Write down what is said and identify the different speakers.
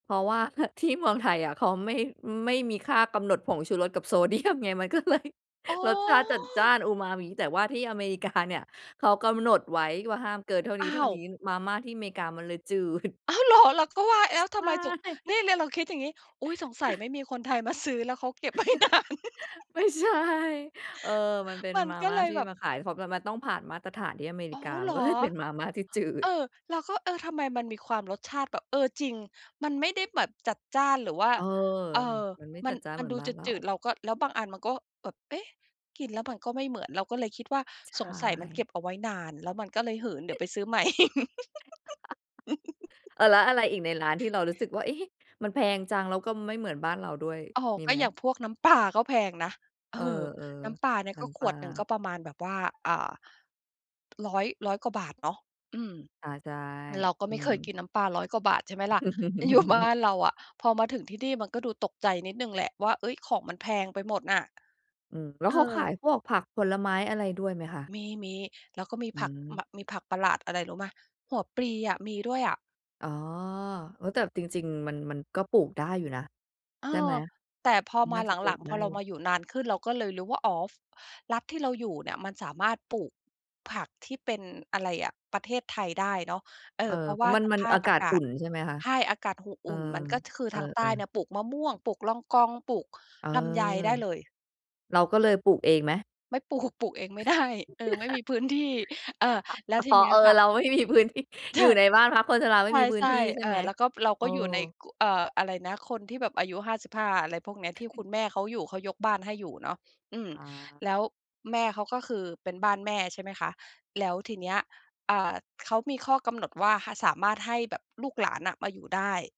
Speaker 1: เพราะว่า ฮ ที่เมือ
Speaker 2: ห
Speaker 1: งไทยอะ เขาไม่ ไม่มีค่ากำหนดผงชูรส กับโซ เดียม ไง มัน ก็เลย
Speaker 2: อ๋อ
Speaker 1: รสชาติจัดจ้านอุมามิ แต่ว่าที่อเมริกาเนี่ยเขากำหนดไว้ว่าห้ามเกินเท่า
Speaker 2: อ้าว
Speaker 1: นี้ ๆ มาม่าที่อเมริกามันเลยจืด
Speaker 2: อ้าวเหรอ เราก็ว่าแล้วท
Speaker 1: ใช
Speaker 2: ำไม
Speaker 1: ่
Speaker 2: ถึง นี่แล้วเราคิดอย่างงี้ "อุ๊ย สงสัยไม่มีคนไทยมาซื้อแล้วเขาเก็บ ไว้นาน"
Speaker 1: ไม่ใช่ เออ มันเป็น
Speaker 2: มัน
Speaker 1: มา
Speaker 2: ก็
Speaker 1: ม่
Speaker 2: เ
Speaker 1: า
Speaker 2: ลย
Speaker 1: ที่
Speaker 2: แบบ
Speaker 1: มาขาย เพราะมัน มันต้องผ่านมาตรฐานที่อเมร
Speaker 2: อ
Speaker 1: ิ
Speaker 2: ๋อ
Speaker 1: กา
Speaker 2: เ
Speaker 1: ม
Speaker 2: ห
Speaker 1: ั
Speaker 2: ร
Speaker 1: น
Speaker 2: อ
Speaker 1: ก็ เลยเป็นมาม่าที่จื
Speaker 2: เอ
Speaker 1: ด
Speaker 2: อ เราก็ เออ ทำไมมันมีความรสชาติแบบ เออ จริง มันไม่ได้แบบจัดจ้าน หรือว่า
Speaker 1: เออ
Speaker 2: เออ
Speaker 1: มันไม่
Speaker 2: มั
Speaker 1: จั
Speaker 2: น
Speaker 1: ดจ้าน
Speaker 2: ม
Speaker 1: เ
Speaker 2: ั
Speaker 1: ห
Speaker 2: น
Speaker 1: มือ
Speaker 2: ด
Speaker 1: น
Speaker 2: ู
Speaker 1: บ้า
Speaker 2: จ
Speaker 1: นเรา
Speaker 2: ืด ๆ เราก็ แล้วบางอันมันก็แบบ เอ๊ะ กินแล้วมันก็ไม่เหมือน เราก็เลยคิดว่า
Speaker 1: ใช
Speaker 2: "สงสัยมันเก
Speaker 1: ่
Speaker 2: ็บเอาไว้นาน แล้วมันก็เลยหืน เดี๋ยวไปซื้อใหม่"
Speaker 1: เออ แล้วอะไรอีกในร้านที่เรารู้สึกว่า เอ๊ะ มันแพงจัง แล้วก็ไม่เหมือนบ้านเราด้วย
Speaker 2: อ๋อ
Speaker 1: มี
Speaker 2: ก็
Speaker 1: ไหม?
Speaker 2: อย่างพวกน้ำปลาก็แพงนะ เอ
Speaker 1: เอ
Speaker 2: อ
Speaker 1: อ
Speaker 2: น้ำปลาเนี่
Speaker 1: ๆ
Speaker 2: ย
Speaker 1: น้
Speaker 2: ก็ข
Speaker 1: ำปล
Speaker 2: ว
Speaker 1: า
Speaker 2: ดหนึ่งก็ประมาณแบบว่า อ่า 100- 100 กว่าบาทเนาะ อืม
Speaker 1: อา ใช่
Speaker 2: เราก็
Speaker 1: อื
Speaker 2: ไม่เค
Speaker 1: ม
Speaker 2: ยกินน้ำปลา 100 กว่าบาท ใช่ไหมล่ะอยู่บ้านเราอะ พอมาถึงที่นี่มันก็ดูตกใจนิดหนึ่งแหละว่า เอ๊ย ของมันแพงไปหมดน่ะ
Speaker 1: อืม แล้ว
Speaker 2: เ
Speaker 1: เขาข
Speaker 2: อ
Speaker 1: า
Speaker 2: อ
Speaker 1: ยพวกผักผลไม้อะไรด้วยไหมคะ?
Speaker 2: มี ๆ แล้วก็มี
Speaker 1: อื
Speaker 2: ผัก ม
Speaker 1: ม
Speaker 2: มีผักประหลาดอะไรรู้ไหม หัวปลีอะ มีด้วยอะ
Speaker 1: อ๋อ เออ แต่จริง ๆ มัน มันก็ปลูกได้อยู่นะ
Speaker 2: เออ
Speaker 1: ใช่ไหม?
Speaker 2: แต่พอ
Speaker 1: มัน
Speaker 2: ม
Speaker 1: น
Speaker 2: า
Speaker 1: ่า
Speaker 2: ห
Speaker 1: จ
Speaker 2: ล
Speaker 1: ะปลู
Speaker 2: ั
Speaker 1: ก
Speaker 2: ง ๆ พ
Speaker 1: ได
Speaker 2: อ
Speaker 1: ้
Speaker 2: เรา
Speaker 1: อยู่
Speaker 2: มาอยู่นานขึ้น เราก็เลยรู้ว่า อ๋อ ฟ รัฐที่เราอยู่เนี่ยมันสามารถปลูกผักที่เป็น อะไรอะ ประเทศไทยได้เนาะ เออ
Speaker 1: เออ
Speaker 2: เพรา
Speaker 1: เ
Speaker 2: ะ
Speaker 1: พ
Speaker 2: ว
Speaker 1: รา
Speaker 2: ่
Speaker 1: ะ
Speaker 2: า
Speaker 1: มัน
Speaker 2: ส
Speaker 1: มั
Speaker 2: ภ
Speaker 1: น
Speaker 2: า
Speaker 1: อ
Speaker 2: พ
Speaker 1: าก
Speaker 2: อ
Speaker 1: า
Speaker 2: า
Speaker 1: ศ
Speaker 2: กา
Speaker 1: อุ่
Speaker 2: ศ
Speaker 1: น ใช่ไหมคะ?
Speaker 2: ใช่ อากาศ ห
Speaker 1: เอ
Speaker 2: อ
Speaker 1: อ
Speaker 2: ุ่น มันก็คือ
Speaker 1: เอ
Speaker 2: ทางใต้
Speaker 1: อ
Speaker 2: เ
Speaker 1: ๆ
Speaker 2: นี่ยปลูกมะม่วง ปลูกลองกอง ปลูก
Speaker 1: เออ
Speaker 2: ลำไยได้เลย
Speaker 1: เราก็เลยปลูกเองไหม?
Speaker 2: ไม่ปลูก ปลูกเองไม่ได้ เออ ไม่มีพื้นที่ อา
Speaker 1: อ
Speaker 2: แล้ว
Speaker 1: อ
Speaker 2: ที
Speaker 1: อ๋อ
Speaker 2: นี้
Speaker 1: เออ
Speaker 2: ค่ะ
Speaker 1: เรา ไม่มีพื้นที่
Speaker 2: ท
Speaker 1: อยู่ในบ้านพักคนชราไม่มีพื้
Speaker 2: ใช
Speaker 1: นท
Speaker 2: ่
Speaker 1: ี่ใช
Speaker 2: ๆ เ
Speaker 1: ่
Speaker 2: อ
Speaker 1: ไหม?
Speaker 2: อ แล้วก็ เรา
Speaker 1: เอ
Speaker 2: ก็อยู่ใน
Speaker 1: อ
Speaker 2: ก เอ่อ อะไรนะ คนที่แบบอายุ 55 อะไรพวกนี้ ที่คุณแม่เขาอยู่ เขายกบ้านให้อยู่เนาะ อืม
Speaker 1: อา
Speaker 2: แล้วแม่เขาก็คือเป็นบ้านแม่ ใช่ไหมคะ แล้วทีเนี้ย อ่า เขามีข้อกำหนดว่า ห สามารถให้แบบลูกหลานน่ะมาอยู่ได้